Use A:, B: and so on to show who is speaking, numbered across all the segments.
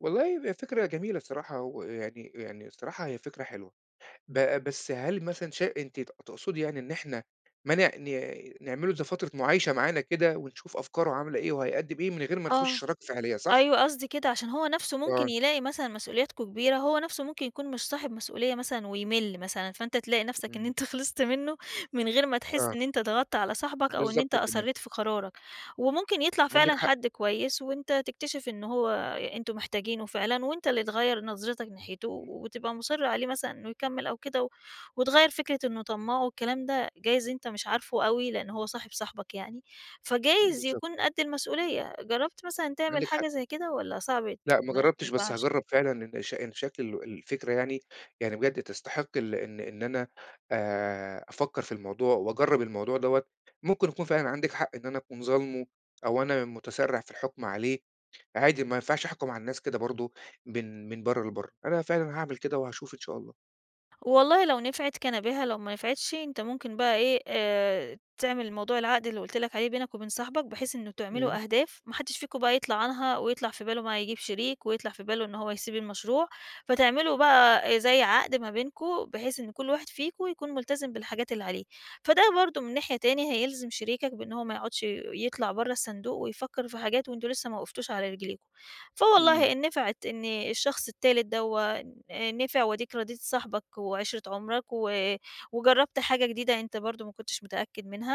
A: والله هي ب فكرة جميلة الصراحة، و يعني يعني الصراحة هي فكرة حلوة، ب بس هل مثلًا شا أنتِ ت تُقصدي يعني إن إحنا ما نع ن نعمِل له، زي فترة مُعايشة معانا كده ونشوف أفكاره عاملة إيه، وهيقدّم إيه من غير ما نخُش
B: آه،
A: شراكة فعلية، صح؟
B: أيوه قصدي كده، عشان هو نفسه ممكن
A: آه.
B: يلاقي مثلًا مسؤولياتكم كبيرة هو نفسه ممكن يكون مش صاحب مسؤولية مثلًا ويمِلّ مثلًا، فأنت تلاقي نفسك إن
A: امم.
B: أنت خلصت منه من غير ما تحس
A: آه.
B: إن أنت ضغطت على صاحبك أو إن أنت
A: بالضبط تمام.
B: أصريت في قرارك، وممكن يطلع
A: عندِك
B: فعلًا
A: حق.
B: حَدّ كويس، وأنت تكتشف إنه هو أ أنتم محتاجِينه فعلًا، وأنت اللي تغيّر نَظرِِتَك ناحيته و
A: امم.
B: و تبقى مُصِرّ عليه مثلًا إنه يكمّل أو كده و وتغيّر فكرة إنه طماع والكلام ده، جايز أنت مش عارفه أوي لأن هو صاحب صاحِبك يعني،
A: إمم،
B: فجايز
A: بالضبط.
B: يكون قد المسؤولية، جرّبت مثلًا تعمل
A: عندِك حق.
B: حاجة زي كده؟ والّا صَعب
A: لأ، ما
B: ما
A: جَرّبتش بس
B: ينفعش؟
A: هاجرّب فعلًا لإن ش إن شكل ال الفكرة يعني يعني بجد تستحق ال إن إن أنا آآ أفَكّر في الموضوع وأجرّب الموضوع دوّة، مُمكن يكون فعلًا عندِك حق إن أنا أكون ظالمُه أو أنا مُتسرّع في الحُكم عليه، عادي ما ينفعش أحكم على الناس كده برضه من من برّه لبرّه. أنا فعلًا هاعمل كده وهاشوف إن شاء الله.
B: والله لو نفعِت كان بها، لو ما نفعِتش أنت مُمكن بقى إيه آآ تعمل موضوع العقد اللي قُلت لَك عليه بينك وبين صاحِبك، بحيث إنه
A: امم
B: تعملوا أهداف ما حدّش فيكم بقى يطلع عنها ويطلع في باله بقى، يجيب شريك، ويطلع في باله إن هو يسيب المشروع، فتعمِلوا بقى أ زي عقد ما بينكم بحيث، إن كل واحد فيكم يكون ملتزم بالحاجات اللي عليه، فَده برضه من ناحية تاني، هيلزم شريكَك بأن هو ما يقعدّش يطلع برّه الصندوق ويفَكّر في حاجات، وأنتم لسه ما وقفتوش على رجلِيكم،
A: امم.
B: فوالله إن نفعِت إن الشخص التالت دوّة ن نفع، وأدِيِك راضيت صاحِبك وعِشرة عُمرَك و وجرّبت حاجة جديدة، أنت برضه ما كنتش متأكد منها،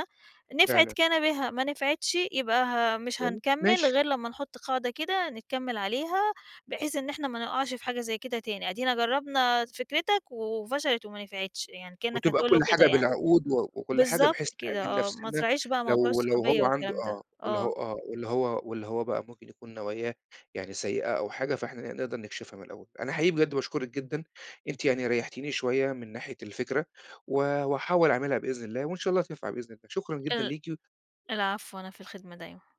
B: نفعِت
A: فعلًا.
B: كان بها ما نفعِتش يبقى ه مش
A: والل
B: هنكَمُّل،
A: ماشي.
B: غير لمّا نحُطّ قاعدة كده نكَمّل عليها بحيث إن إحنا، ما نُقعش في حاجة زي كده تاني، أدِينا جرّبنا فِكرتَك وفشلِت وما نفعتش يعني، كأنّك
A: وتبقى
B: هتقول له
A: كل
B: كده
A: حاجة
B: يعني
A: بالعقود و وكل حاجة،
B: بالضبط
A: بحيث
B: كده
A: نأمّن
B: آه، ما
A: نفسِنا
B: تراعيش بقى، موضوع
A: لو لو
B: الصحوبية
A: هو عندُه
B: والكلام ده.
A: آه والّا ه
B: آه.
A: آه والّا هو والّا هو بقى مُمكن يكون، نواياه يعني سيئة أو حاجة، فإحنا ن نقدر نكشفها من الأول، أنا حقيقي بجد باشكرِك جدًا، أنتِ يعني ريحتيني شوية، من ناحية الفكرة و وهاحاول أعملها بإذن الله وإن شاء الله، تنفع بإذن الله. شكرًا جدًا
B: ال
A: ليكِ و
B: العفو أنا في الخدمة، دايمًا.